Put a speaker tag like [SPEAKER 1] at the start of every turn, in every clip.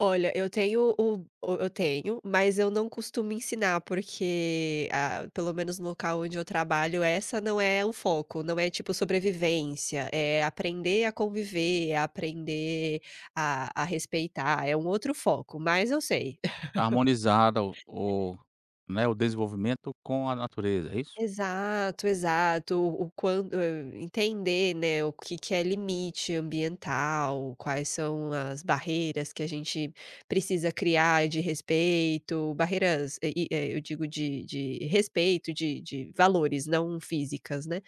[SPEAKER 1] Olha, eu tenho o b o eu tenho, mas eu não costumo ensinar porque, ah pelo menos no local onde eu trabalho essa não é o foco, não é tipo sobrevivência, é aprender a conviver, é aprender a a respeitar, é um outro foco, mas eu sei.
[SPEAKER 2] Harmonizar o o, né, o desenvolvimento com a natureza, é isso?
[SPEAKER 1] Exato, exato. O o quan hum, entender, né, o que que é limite ambiental, quais são as barreiras que a gente precisa criar de respeito, barreiras, eh, e eh, eu digo de de respeito, de de valores, não físicas, né.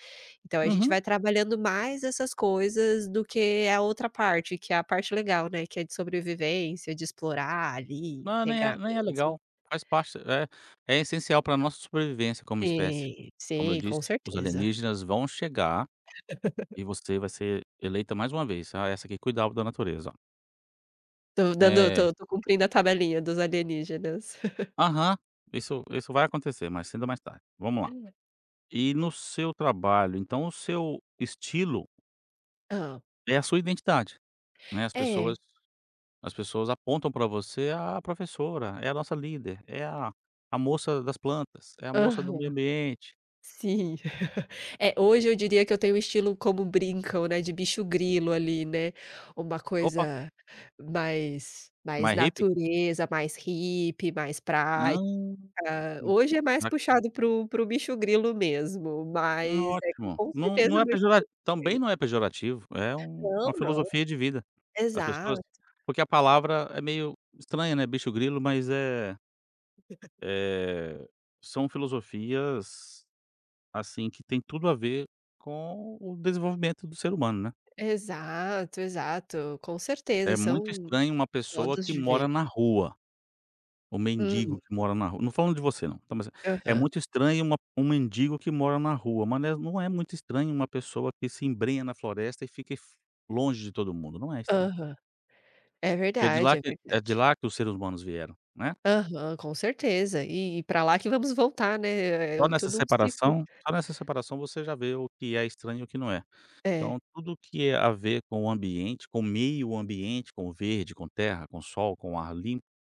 [SPEAKER 1] Então, a gente
[SPEAKER 2] Uhum.
[SPEAKER 1] vai trabalhando mais essas coisas do que a outra parte, que é a parte legal, né, que é de sobrevivência, de explorar ali,
[SPEAKER 2] Não, nem
[SPEAKER 1] integrar
[SPEAKER 2] é nem é
[SPEAKER 1] mesmo.
[SPEAKER 2] legal. Faz parte, é é essencial pra nossa sobrevivência como espécie,
[SPEAKER 1] Sim,
[SPEAKER 2] como eu
[SPEAKER 1] sim, com
[SPEAKER 2] disse, os
[SPEAKER 1] certeza.
[SPEAKER 2] alienígenas vão chegar, e você vai ser eleita mais uma vez: "Ah, essa aqui cuidava da natureza, ó".
[SPEAKER 1] Tô dando
[SPEAKER 2] É.
[SPEAKER 1] tô tô cumprindo a tabelinha dos alienígenas.
[SPEAKER 2] Aham, isso isso vai acontecer, mais cedo ou mais tarde. Vamos lá
[SPEAKER 1] Hum.
[SPEAKER 2] e no seu trabalho, então o seu estilo
[SPEAKER 1] Hum.
[SPEAKER 2] é a sua identidade, né, as pessoas
[SPEAKER 1] É.
[SPEAKER 2] as pessoas apontam pra você: "Ah, a professora, é a nossa líder, é a a moça das plantas, é a moça do meio
[SPEAKER 1] Aham,
[SPEAKER 2] ambiente".
[SPEAKER 1] sim. É, hoje eu diria que eu tenho um estilo como brincam, né de "bicho-grilo" ali, né. Uma
[SPEAKER 2] Opa!
[SPEAKER 1] coisa mais mais
[SPEAKER 2] Mais hippie?
[SPEAKER 1] natureza, mais hippie, mais
[SPEAKER 2] Hã.
[SPEAKER 1] praia. Hoje é mais
[SPEAKER 2] [unintelligible]
[SPEAKER 1] puxado para o para o "bicho-grilo" mesmo,
[SPEAKER 2] N
[SPEAKER 1] mas é que
[SPEAKER 2] ótimo.
[SPEAKER 1] com
[SPEAKER 2] Não
[SPEAKER 1] certeza
[SPEAKER 2] não é
[SPEAKER 1] meu
[SPEAKER 2] pejora também
[SPEAKER 1] estilo [unintelligible]
[SPEAKER 2] não é pejorativo, é um
[SPEAKER 1] Não,
[SPEAKER 2] uma
[SPEAKER 1] não.
[SPEAKER 2] filosofia de vida, as pessoas
[SPEAKER 1] Exato.
[SPEAKER 2] porque a palavra é meio estranha, né, "bicho-grilo", mas, eh eh, são filosofias, assim que têm tudo a ver com o desenvolvimento do ser humano, né.
[SPEAKER 1] Exato, exato. Com certeza,
[SPEAKER 2] É muito
[SPEAKER 1] são
[SPEAKER 2] estranho uma pessoa
[SPEAKER 1] modos
[SPEAKER 2] que
[SPEAKER 1] de
[SPEAKER 2] mora
[SPEAKER 1] ver.
[SPEAKER 2] na rua, o
[SPEAKER 1] Hum.
[SPEAKER 2] mendigo que mora na rua não falando de você, não tá mas é é
[SPEAKER 1] Aham.
[SPEAKER 2] muito estranho uma p um mendigo que mora na rua, mas não é es não é muito estranho uma pessoa que se embrenha na floresta e fique f longe de todo mundo, não é estranho.
[SPEAKER 1] Aham. É
[SPEAKER 2] Que é de
[SPEAKER 1] verdade,
[SPEAKER 2] lá
[SPEAKER 1] é
[SPEAKER 2] que é de
[SPEAKER 1] verdade.
[SPEAKER 2] lá que os seres humanos vieram, né.
[SPEAKER 1] Aham, com certeza. E e pra lá que vamos voltar, né, é
[SPEAKER 2] Só
[SPEAKER 1] é
[SPEAKER 2] nessa
[SPEAKER 1] tudo um ciclo.
[SPEAKER 2] separação só nessa separação você já vê o que é estranho e o que não é. Então,
[SPEAKER 1] É.
[SPEAKER 2] tudo que é a ver com o ambiente, com meio ambiente, com o verde, com terra, com sol, com o ar limpo